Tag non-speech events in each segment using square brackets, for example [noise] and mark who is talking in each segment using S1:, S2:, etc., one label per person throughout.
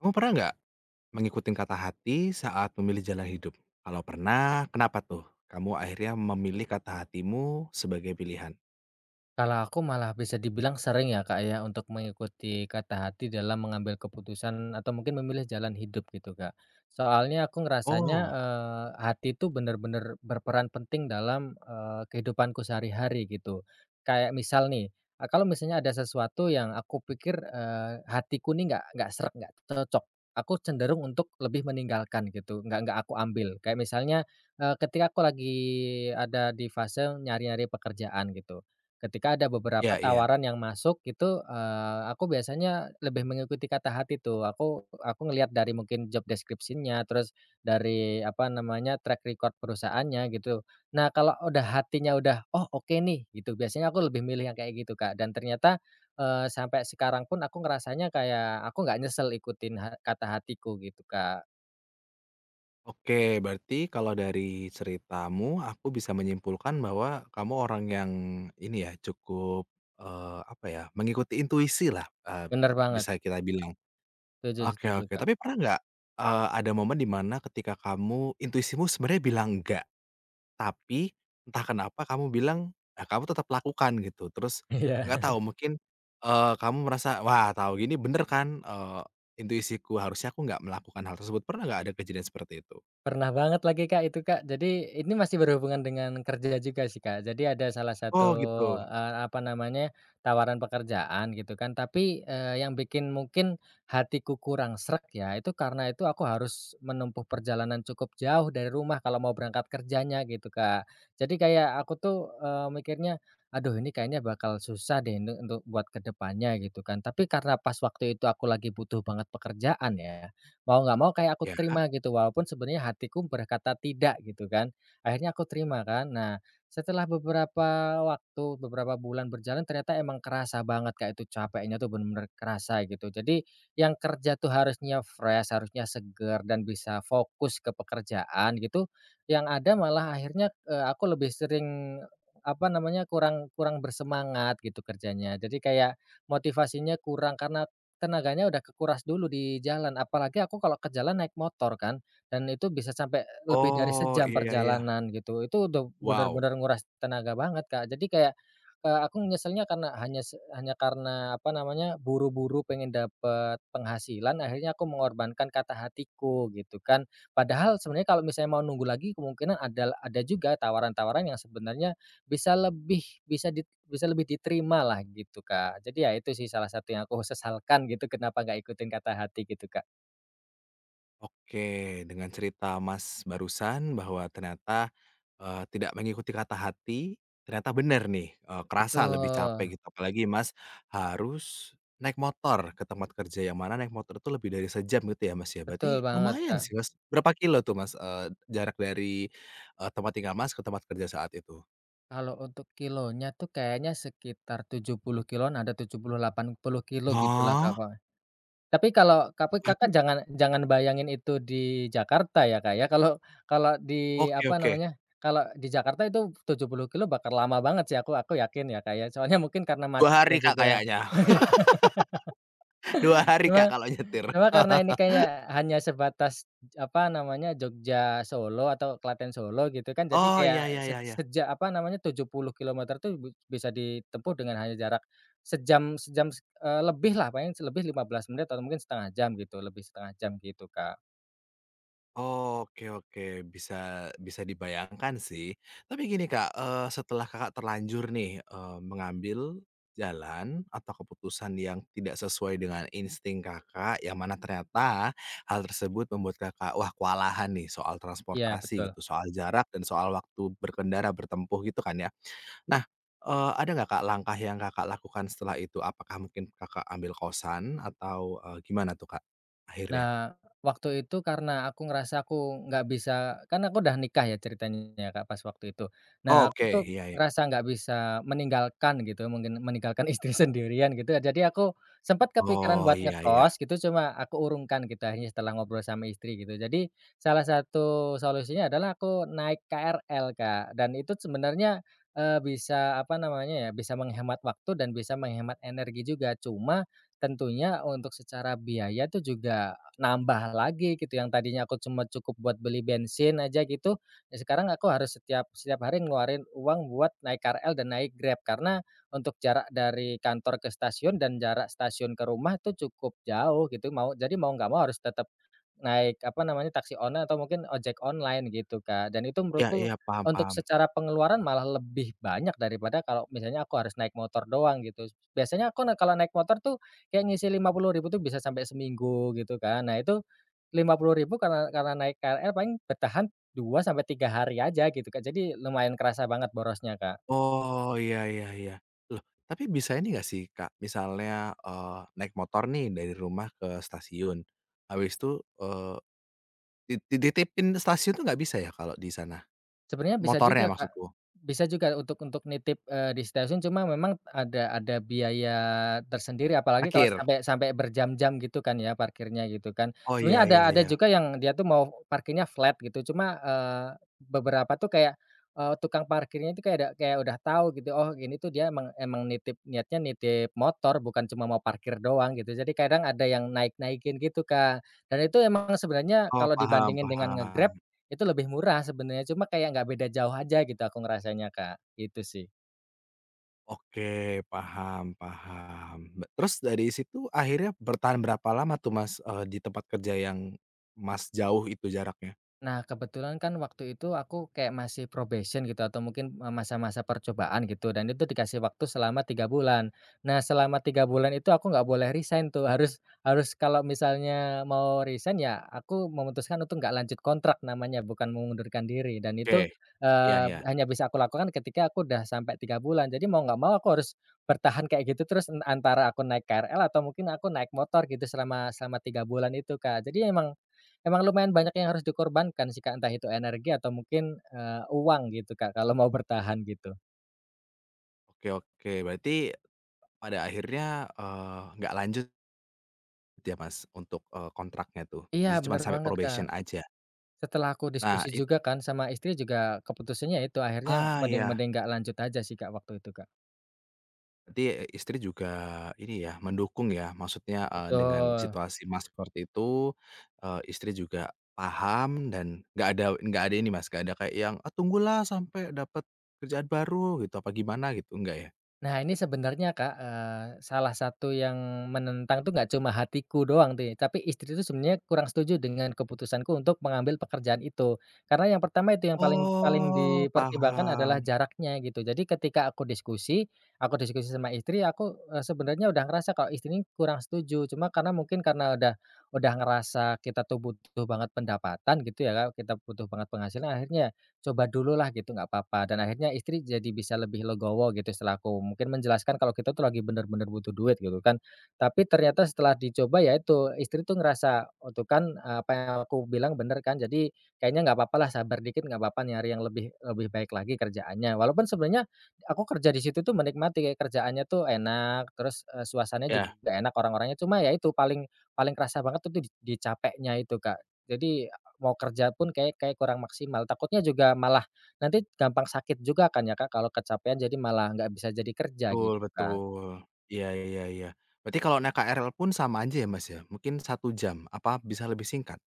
S1: Kamu pernah enggak, mengikuti kata hati saat memilih jalan hidup? Kalau pernah kenapa tuh, kamu akhirnya memilih kata hatimu sebagai pilihan?
S2: Kalau aku malah bisa dibilang sering ya, Kak, ya, untuk mengikuti kata hati dalam mengambil keputusan atau mungkin memilih jalan hidup gitu, Kak. Soalnya aku ngerasanya,
S1: Oh.
S2: eee, hati tuh bener-bener berperan penting dalam, eee, kehidupanku sehari-hari gitu. Kayak misal nih, eee, kalau misalnya ada sesuatu yang aku pikir, eee, hatiku nih nggak nggak sreg, nggak cocok aku cenderung untuk lebih meninggalkan gitu nggak nggak aku ambil kayak misalnya, eee, ketika aku lagi ada di fase nyari-nyari pekerjaan gitu. Ketika ada beberapa
S1: Iya iya.
S2: tawaran yang masuk itu, eee, aku biasanya lebih mengikuti kata hati tuh aku aku ngeliat dari mungkin job deskripsinya terus, dari apa namanya track record perusahaannya gitu. Nah, kalo udah hatinya udah, "Oh, oke nih," gitu biasanya aku lebih milih yang kayak gitu Kak dan ternyata, eee, sampai sekarang pun aku ngerasanya kayak aku nggak nyesel ikutin, eee, kata hatiku gitu Kak.
S1: Oke, berarti kalau dari ceritamu, aku bisa menyimpulkan bahwa kamu orang yang, ini ya cukup, eee, apa ya, mengikuti intuisilah, eee,
S2: Bener banget.
S1: bisa kita bilang.
S2: Setuju
S1: Oke
S2: setuju,
S1: oke,
S2: Kak.
S1: tapi pernah nggak, eee, ada momen di mana ketika kamu intuisimu sebenarnya bilang nggak, tapi entah kenapa kamu bilang, nah, kamu tetap lakukan gitu, terus nggak
S2: Iya.
S1: tahu mungkin, eee, kamu merasa, "Wah, tahu gini bener kan, eee, intuisiku harusnya aku nggak melakukan hal tersebut." Pernah nggak ada kejadian seperti itu?
S2: Pernah banget lagi Kak itu, Kak. Jadi ini masih berhubungan dengan kerja juga sih, Kak. Jadi ada salah satu,
S1: Oh, gitu.
S2: eee, apa namanya, tawaran pekerjaan, gitu kan, tapi, eee, yang bikin mungkin, hatiku kurang sreg ya, itu karena itu aku harus menempuh perjalanan cukup jauh dari rumah kalau mau berangkat kerjanya, gitu Kak. Jadi kayak aku, tuh, eee, mikirnya, aduh, ini kayaknya bakal susah deh nih untuk buat ke depannya, gitu kan, tapi karena pas waktu itu aku lagi butuh banget pekerjaan ya, mau nggak mau kayak aku
S1: Iya.
S2: terima gitu, walaupun sebenernya hatiku berkata tidak, gitu kan. Akhirnya aku terima, kan. Nah, setelah beberapa waktu, beberapa bulan berjalan ternyata emang kerasa banget Kak, itu capeknya tuh bener kerasa gitu. Jadi yang kerja, tuh, harusnya fresh, harusnya seger, dan bisa fokus ke pekerjaan, gitu, yang ada malah akhirnya, eee, aku lebih sering, apa namanya, kurang kurang bersemangat gitu kerjanya. Jadi kayak motivasinya kurang karena tenaganya udah kekuras dulu di jalan, apalagi aku kalau ke jalan naik motor kan, dan itu bisa sampe, lebih dari
S1: Oh,
S2: sejam
S1: iya iya.
S2: perjalanan, gitu. Itu udah
S1: Wow.
S2: bener-bener nguras tenaga banget, Kak, jadi kayak, eee, aku nyeselnya karena hanya se hanya karena, apa namanya, buru-buru pengen dapet penghasilan, akhirnya aku mengorbankan kata hatiku, gitu kan. Padahal sebenernya kalau misalnya mau nunggu lagi kemungkinan ada la ada juga tawaran-tawaran yang sebenernya bisa lebih, bisa di bisa lebih diterimalah, gitu Kak. Jadi ya itu sih salah satu yang aku sesalkan gitu, kenapa nggak ikutin kata hati gitu, Kak.
S1: Oke, dengan cerita Mas barusan bahwa ternyata, eee, tidak mengikuti kata hati, ternyata benar nih, eee, kerasa lebih
S2: Betul.
S1: capek gitu apalagi Mas harus naik motor ke tempat kerja yang mana naik motor itu lebih dari sejam gitu ya Mas ya,
S2: Betul
S1: berarti
S2: banget,
S1: lumayan
S2: Kak.
S1: sih Mas, berapa kilometer tuh Mas, eee, jarak dari, eee, tempat tinggal Mas ke tempat kerja saat itu?
S2: Kalau untuk kilometernya tuh kayaknya sekitar 70 kilometer-an ada 70, 80 kilometer gitulah
S1: Hah?
S2: kadang. Tapi kalau tapi
S1: Berarti
S2: Kakak jangan jangan bayangin itu di Jakarta ya Kak ya kalau kalau di
S1: Oke
S2: apa
S1: oke.
S2: namanya, kalau di Jakarta itu 70 kilometer bakal lama banget sih aku aku yakin ya Kak soalnya mungkin karena
S1: 2
S2: macetnya
S1: hari Kak
S2: juga,
S1: kayaknya, [laughs] 2
S2: [laughs] cuma
S1: Kak kalau nyetir.
S2: cuma karena ini
S1: [laughs]
S2: kayak hanya sebatas apa namanya, Jogja-Solo atau Klaten-Solo gitu kan jadi
S1: Oh,
S2: kayak
S1: iya iya
S2: se
S1: iya iya.
S2: sejak apa namanya, 70 kilometer tuh bi bisa ditempuh dengan hanya jarak, sejam sejam, s eee, lebihlah paling sih lebih 15 menit atau mungkin 10,5 jam gitu, lebih 0.5 jam gitu, Kak.
S1: Oke oke, bisa bisa dibayangkan sih. Tapi gini Kak, eee, setelah Kakak terlanjur nih, eee, mengambil jalan atau keputusan yang tidak sesuai dengan insting Kakak. Yang mana ternyata hal tersebut membuat Kakak, wah kewalahan nih soal
S2: Iya,
S1: transportasi
S2: betul.
S1: gitu, soal jarak dan soal waktu berkendara, bertempuh gitu kan ya. Nah, eee, ada nggak ,Kak, langkah yang Kakak lakukan setelah itu. Apakah mungkin Kakak ambil kosan atau, eee, gimana tuh, Kak, akhirnya?
S2: Nah, waktu itu karena aku ngerasa, aku enggak bisa kan aku udah nikah ya ceritanya ya, Kak, pas waktu itu. Nah, aku
S1: Oke.
S2: tuh
S1: Iya, ya.
S2: ngerasa enggak bisa meninggalkan gitu mungkin meninggalkan istri sendirian gitu ya. Jadi, aku sempat kepikiran
S1: Oh.
S2: buat
S1: Iya iya.
S2: ngekos gitu. Cuma aku urungkan gitu akhirnya setelah ngobrol sama istri gitu. Jadi salah satu solusinya adalah aku naik KRL Kak, dan itu sebenarnya, eee, bisa apa namanya ya, bisa menghemat waktu dan bisa menghemat energi juga. Cuma tentunya untuk secara biaya tu juga nambah lagi gitu, yang tadinya aku cuma cukup buat beli bensin aja gitu. Ya sekarang aku harus setiap setiap hari ngeluarin uang buat naik KRL dan naik Grab. Karena untuk jarak dari kantor ke stasiun dan jarak stasiun ke rumah tu cukup jauh gitu mau jadi mau enggak mau harus tetap naik apa namanya taksi online atau mungkin ojek online gitu, Kak. Dan itu
S1: Iya
S2: menurutku,
S1: iya. Paham
S2: untuk
S1: paham.
S2: secara pengeluaran malah lebih banyak daripada kalau misalnya aku harus naik motor doang gitu. Biasanya aku naik kalau naik motor tuh, ya ngisi Rp50.000 tu bisa sampai seminggu gitu kan. Nah itu, Rp50.000 karena karena naik KRL paling bertahan 2 sampai 3 hari aja gitu kan. Jadi lumayan kerasa banget borosnya, Kak.
S1: Oh, iya iya iya. Loh, tapi bisa ini enggak sih Kak, misalnya, eee, naik motor nih dari rumah ke stasiun, habis itu, eee, di dititipin di stasiun tuh enggak bisa ya kalo di sana?
S2: Sebenarnya bisa
S1: Motornya
S2: juga Kak.
S1: maksudku.
S2: Bisa juga untuk untuk nitip, eee, di stasiun cuma memang ada ada biaya tersendiri apalagi kalau
S1: Parkir.
S2: sampai sampai berjam-jam gitu kan ya parkirnya gitukan.
S1: Oh.
S2: Sebenarnya
S1: Iya
S2: ada
S1: iya
S2: ada
S1: iya.
S2: juga yang dia itu mau parkirnya flat gitu cuma, eee, beberapa tuh kayak, eee, tukang parkirnya itu kayak udah kayak udah tahu gitu," Oh ini tuh dia emang emang nitip, niatnya nitip motor bukan cuma mau parkir doang," gitu. Jadi kadang ada yang naik-naikin gitu, Kak. Dan itu emang sebenarnya
S1: Oh.
S2: kalau
S1: Paham
S2: dibandingin dengan nge-Grab,
S1: paham.
S2: itu lebih murah sebenarnya, cuma kayak enggak beda jauh aja gitu, aku ngerasanya Kak, gitu sih.
S1: Oke, paham paham, be terus dari situ akhirnya bertahan berapa lama tuh Mas, eee, di tempat kerja yang Mas jauh itu jaraknya?
S2: Nah, kebetulan kan waktu itu, aku kayak masih probation gitu atau mungkin masa-masa percobaan gitu dan itu dikasi waktu selama 3 bulan. Nah, selama 3 bulan itu aku enggak boleh resign tuh harus harus kalau misalnya mau resign ya aku memutuskan untuk enggak lanjut kontrak namanya bukan mengundurkan diri dan itu,
S1: Oke, iya
S2: eee,
S1: iya.
S2: hanya bisa aku lakukan ketika aku udah sampai 3 bulan jadi mau enggak mau aku harus bertahan kayak gitu terus n antara aku naik KRL atau mungkin aku naik motor gitu selama selama 3 bulan itu, Kak. Jadi, emang emang lumayan banyak yang harus dikorbankan sih, Kak, entah itu energi atau mungkin, eee, uang gitu, Kak, kalau mau bertahan gitu.
S1: Oke oke, berarti, pada akhirnya, eee, enggak lanjut gitu ya Mas untuk, eee, kontraknya tuh.
S2: Iya
S1: Jadi cuman
S2: benar
S1: sampai
S2: banget, Kak.
S1: probation aja?
S2: Setelah aku
S1: Nah
S2: diskusi
S1: it
S2: juga kan sama istri juga keputusannya ya itu akhirnya,
S1: Ah,
S2: mending
S1: iya.
S2: mending enggak lanjut aja sih, Kak, waktu itu, Kak.
S1: Jadi, eee, istri juga, ini ya ,mendukung ya, maksudnya, eee, dengan
S2: Betul.
S1: situasi Mas, seperti itu, eee, istri juga paham dan enggak ada enggak ada ini Mas, enggak ada kayak yang, "Ah tunggulah sampe dapat, kerjaan baru," gitu. Apa gimana gitu, enggak ya?
S2: Nah ini sebenarnya, Kak, eee, salah satu yang menentang tuh, enggak cuma hatiku doang nih. Tapi istri tuh, sebenarnya kurang setuju dengan keputusanku untuk mengambil pekerjaan itu. Karena yang pertama itu yang paling paling
S1: Oh
S2: dipertimbangkan adalah
S1: paham.
S2: jaraknya gitu. Jadi ketika aku diskusi aku diskusi sama istri ya aku, eee, sebenarnya udah ngerasa kalau istri nih kurang setuju. Cuma karena mungkin karena udah udah ngerasa kita tuh butuh banget pendapatan gitu ya, Kak. Kita butuh banget penghasilan akhirnya coba dululah gitu enggak apa-apa dan akhirnya istri jadi bisa lebih legowo gitu, setelah aku mungkin menjelaskan kalau kita tuh lagi benar-benar butuh duit gitu kan. Tapi ternyata setelah dicoba ya itu istri tuh ngerasa, "Oh tuh kan apa yang aku bilang benar kan Jadi, kayaknya enggak apa-apa lah sabar dikit enggak apa-apa nyari yang lebih lebih baik lagi kerjaannya." Walaupun sebenarnya, aku kerja di situ tuh menikmati, kayak kerjaannya tuh enak terus, eee, suasananya
S1: Ya.
S2: juga enak, orang-orangnya. Cuma ya itu paling paling kerasa banget itu d di capeknya itu, Kak. Jadi, mau kerja pun kayak kayaknya kurang maksimal. Takutnya juga malah nanti gampang sakit juga kan ya, Kak, kalau kecapekan. Jadi malah enggak bisa jadi kerja
S1: Betul
S2: gitu kan.
S1: betul. Iya iya iya. Berarti kalau naik KRL pun sama aja ya, Mas, ya mungkin 1 jam, apa bisa lebih singkat?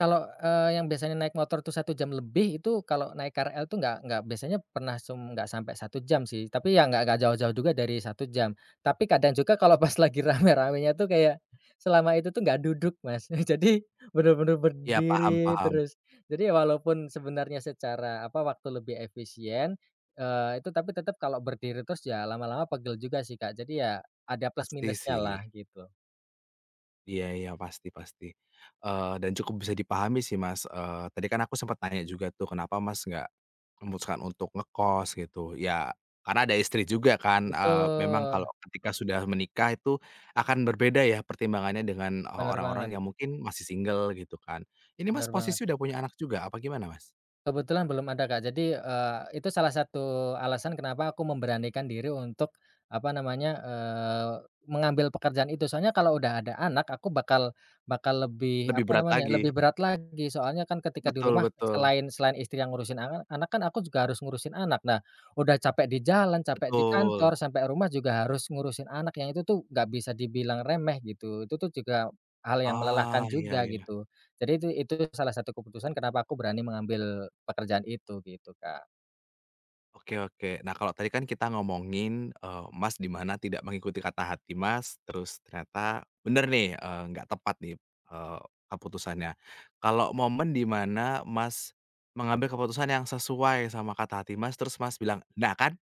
S2: Kalau, eee, yang biasanya naik motor tuh 1 jam lebih, itu kalo naik KRL itu nggak nggak biasanya pernah sem nggak sampai 1 jam sih. Tapi, yang nggak nggak jauh-jauh juga dari 1 jam. Tapi, kadang juga kalo pas lagi rame-ramenya tuh kayak, selama itu tuh nggak duduk Mas, jadi bener-bener
S1: Iya,
S2: berdiri
S1: paham-paham.
S2: terus. Jadi walaupun sebenarnya secara apa waktu lebih efisien, eee, itu tapi tetep kalo berdiri terus ya, lama-lama pegel juga sih Kak. Jadi ya, ada
S1: Pasti sih.
S2: plus-minusnyalah gitu.
S1: Iya iya pasti pasti. Eee, dan cukup bisa dipahami sih Mas, eee, tadi kan aku sempat nanya juga tuh kenapa Mas nggak memutuskan untuk ngekos gitu, ya karena ada istri juga kan, eee, memang
S2: Betul.
S1: kalau ketika sudah menikah itu akan berbeda ya pertimbangannya dengan e
S2: Bener banget.
S1: orang-orang yang mungkin masih single gitu kan. Ini
S2: Bener
S1: Mas
S2: banget.
S1: posisi udah punya anak juga apa gimana Mas?
S2: Kebetulan belum ada Kak. Jadi, eee, itu salah satu alasan kenapa aku memberanikan diri untuk apa namanya, eee, mengambil pekerjaan itu. Soalnya kalo udah ada anak, aku bakal bakal lebih
S1: Lebih
S2: apa
S1: berat
S2: namanya,
S1: lagi.
S2: lebih berat lagi. Soalnya kan ketika di
S1: Betul
S2: rumah
S1: betul.
S2: selain selain istri yang ngurusin ana anak kan aku juga harus ngurusin anak. Nah, udah capek di jalan, capek di
S1: Betul.
S2: kantor, sampe rumah juga harus ngurusin anak. Yang itu tuh, nggak bisa dibilang remeh gitu. Itu tuh juga, hal yang
S1: Ah,
S2: melelahkan
S1: iya
S2: juga
S1: iya.
S2: gitu. Jadi itu itu salah satu keputusan kenapa aku berani mengambil, pekerjaan itu gitu Kak.
S1: Oke oke, nah, kalau tadi kan kita ngomongin, eee, Mas di mana tidak mengikuti kata hati Mas terus ternyata benar nih, eee, nggak tepat di, eee, keputusannya. Kalau momen di mana Mas mengambil keputusan yang sesuai sama kata hati Mas terus Mas bilang, "Nah, kan,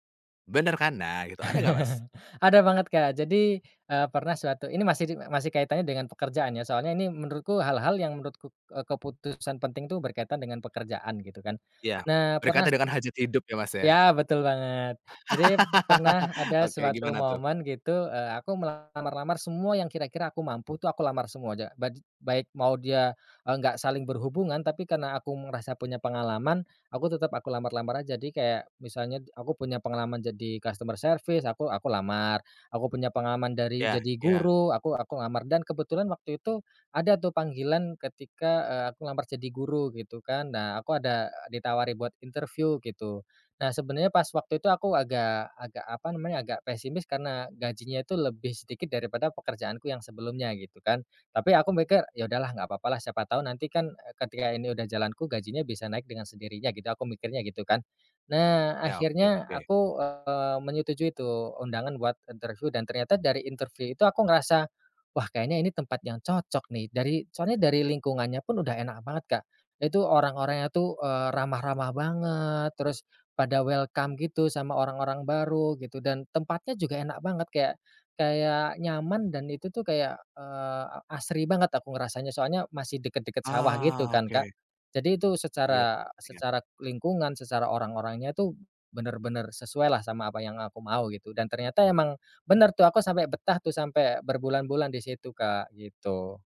S1: benar kan," nah, gitu, ada nggak Mas?
S2: [chuckles] Ada banget Kak, jadi, eee, pernah suatu ini masih di masih kaitannya dengan pekerjaan ya, soalnya ini menurutku hal-hal yang menurutku, eee, keputusan penting tuh berkaitan dengan pekerjaan gitu kan.
S1: Ya.
S2: Nah, pernah
S1: Berkata dengan hajat hidup ya, Mas, ya?
S2: ya, betul banget. Jadi pernah
S1: [laughs]
S2: ada
S1: Oke,
S2: suatu
S1: gimana tuh?
S2: momen gitu, eee, aku melamar-lamar semua yang kira-kira aku mampu tuh, aku lamar semua ja ba j baik mau dia, eee, nggak saling berhubungan tapi karena aku merasa punya pengalaman, aku tetap aku lamar-lamar aja. Jadi kayak, misalnya aku punya pengalaman jadi customer service, aku aku lamar, aku punya pengalaman dari
S1: Ya
S2: jadi
S1: ya.
S2: guru, aku aku lamar, dan kebetulan waktu itu ada tuh panggilan ketika, eee, aku lamar jadi guru, gitu kan. Nah, aku ada ditawari buat interview gitu. Nah, sebenarnya pas waktu itu aku agak agak apa namanya, agak pesimis karena, gajinya tuh lebih sedikit daripada pekerjaanku yang sebelumnya gitu kan. Tapi aku mikir, "Ya, udahlah nggak papa lah, siapa tahu nanti kan ketika ini udah jalanku gajinya bisa naik dengan sendirinya," gitu, aku mikirnya gitu kan. Nah,
S1: Ya, oke
S2: akhirnya
S1: oke.
S2: aku, eee, menyetujui tuh undangan buat interview dan ternyata dari interview itu aku ngerasa, "Wah, kayaknya ini tempat yang cocok nih," dari soalnya dari lingkungannya pun udah enak banget Kak. Nah itu orang-orangnya tuh, eee, ramah-ramah banget terus pada welcome gitu sama orang-orang baru, gitu. Dan tempatnya juga enak banget, kayak kayak nyaman dan itu tuh kayak, eee, asri banget aku ngerasanya. Soalnya masih deket-deket sawah gitu
S1: Ah,
S2: kan Kak,
S1: oke.
S2: jadi itu
S1: Iya
S2: secara
S1: iya.
S2: secara lingkungan secara orang-orangnya tuh benar-benar sesuailah sama apa yang aku mau, gitu. Dan ternyata emang benar tuh, aku sampe betah tuh sampe berbulan-bulan di situ Kak, gitu.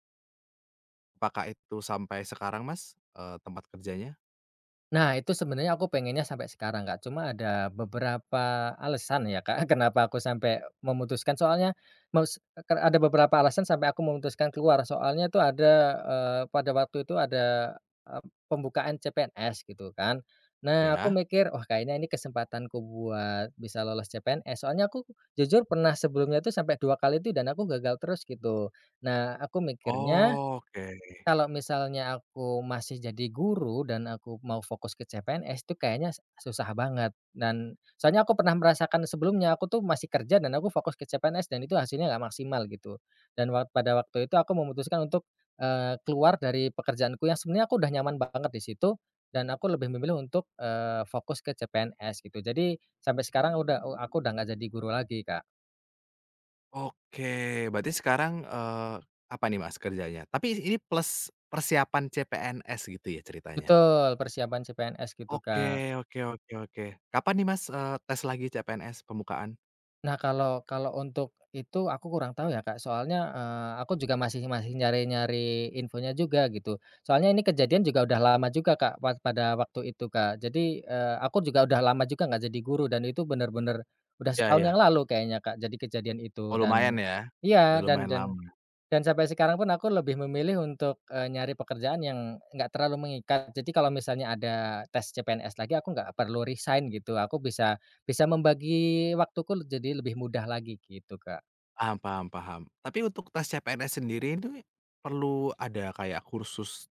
S1: Apakah itu sampai sekarang Mas, eee, tempat kerjanya?
S2: Nah, itu sebenarnya aku pengennya sampai sekarang Kak. Cuma ada beberapa alasan ya Kak, kenapa aku sampe memutuskan, soalnya mos eee, kar ada beberapa alasan sampai aku memutuskan keluar, soalnya tuh ada eee, pada waktu itu ada, eee, pembukaan CPNS gitu kan. Nah aku
S1: Iya.
S2: mikir, "Oh kayaknya ini kesempatanku buat bisa lolos CPNS." Soalnya aku jujur pernah sebelumnya tuh sampe 2 kali tuh, dan aku gagal terus gitu. Nah aku mikirnya,
S1: Oke.
S2: kalo misalnya aku masih jadi guru, dan aku mau fokus ke CPNS tuh kayanya susah banget. Dan soalnya aku pernah merasakan sebelumnya, aku tuh masih kerja dan aku fokus ke CPNS, dan itu hasilnya nggak maksimal gitu. Dan wak pada waktu itu aku memutuskan untuk, eee, keluar dari pekerjaanku yang sebenarnya aku udah nyaman banget di situ, dan aku lebih memilih untuk, eee, fokus ke CPNS gitu. Jadi, sampe sekarang udah eee, aku udah nggak jadi guru lagi Kak.
S1: Oke, berarti sekarang, eee, apa nih Mas kerjanya? Tapi ini plus persiapan CPNS gitu ya ceritanya?
S2: Betul, persiapan CPNS gitu
S1: Oke
S2: Kak.
S1: oke oke oke, kapan nih Mas, eee, tes lagi CPNS, pembukaan?
S2: Nah, kalau kalau untuk itu aku kurang tau ya Kak. Soalnya, eee, aku juga masih masih nyari-nyari infonya juga, gitu. Soalnya ini kejadian juga udah lama juga Kak, wak pada waktu itu Kak. Jadi, eee, aku juga udah lama juga nggak jadi guru, dan itu benar-benar, udah
S1: Ya
S2: setahun yang
S1: ya.
S2: lalu kayaknya Kak, jadi kejadian
S1: Oh
S2: itu. Dan
S1: lumayan ya.
S2: iya,
S1: Udah
S2: dan
S1: lumayan
S2: dan,
S1: lama.
S2: dan sampai sekarang pun aku lebih memilih untuk, eee, nyari pekerjaan yang, nggak terlalu mengikat. Jadi kalo misalnya ada tes CPNS lagi, aku nggak perlu resign gitu. Aku bisa bisa membagi waktuku leb jadi lebih mudah lagi, gitu Kak.
S1: Paham paham paham. Tapi untuk tes CPNS sendiri ini, perlu ada kayak kursus,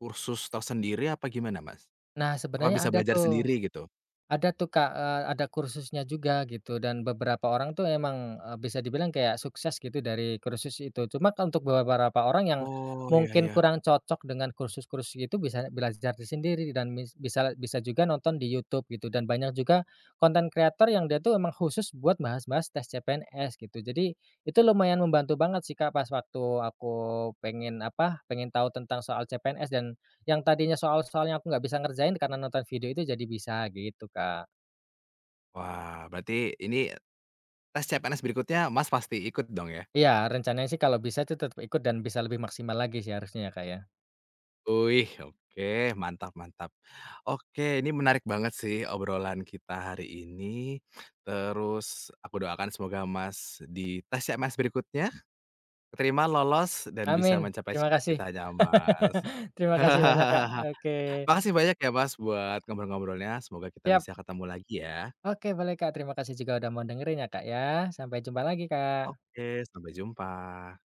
S1: kursus tersendiri apa gimana Mas?
S2: Nah,
S1: Apa
S2: sebenarnya
S1: bisa
S2: ada
S1: belajar
S2: tuh.
S1: sendiri gitu?
S2: Ada tuh Kak, eee, ada kursusnya juga gitu, dan beberapa orang tuh emang, e bisa dibilang kayak sukses gitu dari kursus itu. Cuma untuk beberapa orang yang,
S1: Oh, iya
S2: mungkin
S1: iya.
S2: kurang cocok dengan kursus-kursus itu bisa belajar itu sendiri, dan mis bisa bisa juga nonton di YouTube, gitu. Dan banyak juga, content creator yang dia tuh emang khusus buat bahas-bahas tes CPNS, gitu. Jadi, itu lumayan membantu banget sih Kak, pas waktu aku, pengen apa, pengen tau tentang soal CPNS dan, yang tadinya soal-soalnya aku nggak bisa ngerjain, karena nonton video itu jadi bisa, gitu Kak.
S1: Wah, berarti, ini, tes CPNS berikutnya Mas pasti ikut dong ya?
S2: Iya, rencananya sih kalo bisa itu tetap ikut dan bisa lebih maksimal lagi sih harusnya ya Kak ya.
S1: Wih, oke mantap mantap. Oke, ini menarik banget sih obrolan kita hari ini. Terus, aku doakan semoga Mas, di tes CPNS berikutnya, keterima, lolos, dan bisa
S2: Amin!
S1: mencapai
S2: Terima kasih!
S1: cita-citanya Mas.
S2: [laughs] Terima kasih banyak Kak,
S1: [chuckles]
S2: oke.
S1: Makasih banyak ya Mas, buat ngobrol-ngobrolnya. Semoga kita
S2: Siap.
S1: bisa ketemu lagi ya.
S2: Oke boleh Kak, terima kasih juga udah mau dengerin ya Kak ya. Sampai jumpa lagi Kak.
S1: Oke, sampai jumpa.